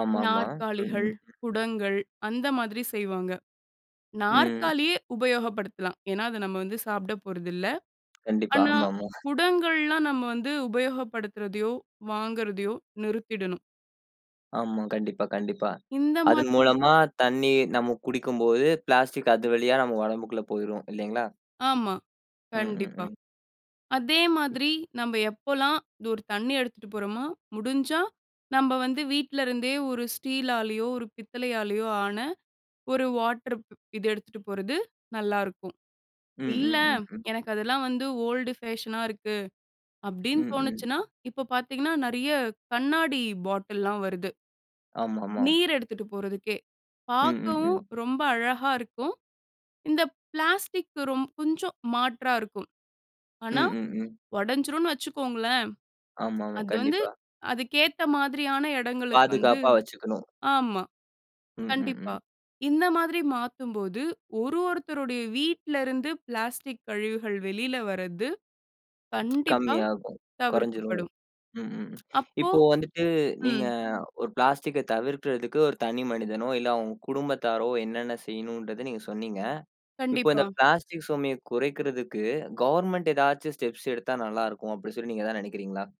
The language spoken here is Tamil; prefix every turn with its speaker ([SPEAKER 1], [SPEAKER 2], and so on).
[SPEAKER 1] ஆமாமா.
[SPEAKER 2] நாற்காலிகள்,
[SPEAKER 1] ம்ஹ்ம்.
[SPEAKER 2] குடங்கள் அந்த மாதிரி செய்வாங்க.
[SPEAKER 1] ம்.
[SPEAKER 2] நாற்காலியே உபயோகப்படுத்தலாம். ஏன்னா அத நம்ம வந்து சாப்பிட போறதில்ல.
[SPEAKER 1] கண்டிப்பா.
[SPEAKER 2] ஆனா
[SPEAKER 1] ஆமா, ஆமா.
[SPEAKER 2] குடங்கள்லாம் நம்ம வந்து உபயோகப்படுத்துறதையோ வாங்குறதையோ நிறுத்திடணும்.
[SPEAKER 1] ஆமா. கண்டிப்பா, கண்டிப்பா.
[SPEAKER 2] இந்த
[SPEAKER 1] அதன்
[SPEAKER 2] மாதிரி
[SPEAKER 1] மூலமா தண்ணீர் நம்ம குடிக்கும்போது பிளாஸ்டிக் அது வழியா நம்ம உடம்புக்குள்ள போய்ரும் இல்லைங்களா.
[SPEAKER 2] ஆமா. கண்டிப்பா.
[SPEAKER 1] ம்ம்ம்.
[SPEAKER 2] அதே மாதிரி நம்ம எப்போலாம் இது ஒரு தண்ணி எடுத்துட்டு போறோமா, முடிஞ்சா நம்ம வந்து வீட்ல இருந்தே ஒரு ஸ்டீலாலேயோ, ஒரு பித்தளையாலேயோ ஆன ஒரு வாட்டர் ப் இது எடுத்துட்டு போறது நல்லாருக்கும். இல்ல
[SPEAKER 1] ம்ம்ம்.
[SPEAKER 2] எனக்கு அதெல்லாம் வந்து ஓல்டு ஃபேஷனா இருக்கு. அப்படின்னு
[SPEAKER 1] ம்ம்.
[SPEAKER 2] தோணுச்சுனா, இப்போ பாத்தீங்கன்னா நெறைய கண்ணாடி பாட்டில்லாம் வருது.
[SPEAKER 1] ஆமாமா.
[SPEAKER 2] நீர் எடுத்துட்டு போறதுக்கே பார்க்கவும்
[SPEAKER 1] ம்ம்ம்.
[SPEAKER 2] ரொம்ப அழகா இருக்கும். இந்த பிளாஸ்டிக் ரொம் கொஞ்சம் மாற்றா இருக்கும். ஆனா
[SPEAKER 1] ம்ம்ம்.
[SPEAKER 2] உடைஞ்சுரும்ன்னு வச்சுக்கோங்களேன்.
[SPEAKER 1] ஆமாங்க.
[SPEAKER 2] அது வந்து
[SPEAKER 1] கண்டிப்பா.
[SPEAKER 2] அதுக்கேத்த மாதிரியான இடங்களுக்கு வந்து
[SPEAKER 1] பாதுகாப்பா வச்சுக்கணும்.
[SPEAKER 2] ஆமா. கண்டிப்பா
[SPEAKER 1] ம்ம்ம்.
[SPEAKER 2] இந்த மாதிரி மாத்தும்போது ஒரு ஒருத்தருடைய வீட்லருந்து பிளாஸ்டிக் கழிவுகள் வெளில வரது கண்டிப்பா
[SPEAKER 1] கம்மியாகும். கொறைஞ்சுரும்.
[SPEAKER 2] தவிர்க்கப்படும்.
[SPEAKER 1] ம்.
[SPEAKER 2] அப்போ
[SPEAKER 1] இப்போ வந்துட்டு
[SPEAKER 2] ம்.
[SPEAKER 1] நீங்க ஒரு பிளாஸ்டிக்க தவிர்கறத்துக்கு ஒரு தனி மனிதனோ இல்ல குடும்பத்தாரோ என்னென்ன செய்யணும்றத நீங்க சொன்னீங்க. இப்போ இந்த
[SPEAKER 2] கண்டிப்பா.
[SPEAKER 1] பிளாஸ்டிக் சுமையை குறைக்கறதுக்கு கவர்ன்மென்ட் ஏதாவது ஸ்டெப்ஸ் எடுத்தா நல்லா இருக்கும் அப்படின்னு சொல்லி நீங்க எதாவது நனைக்கிறீங்களா?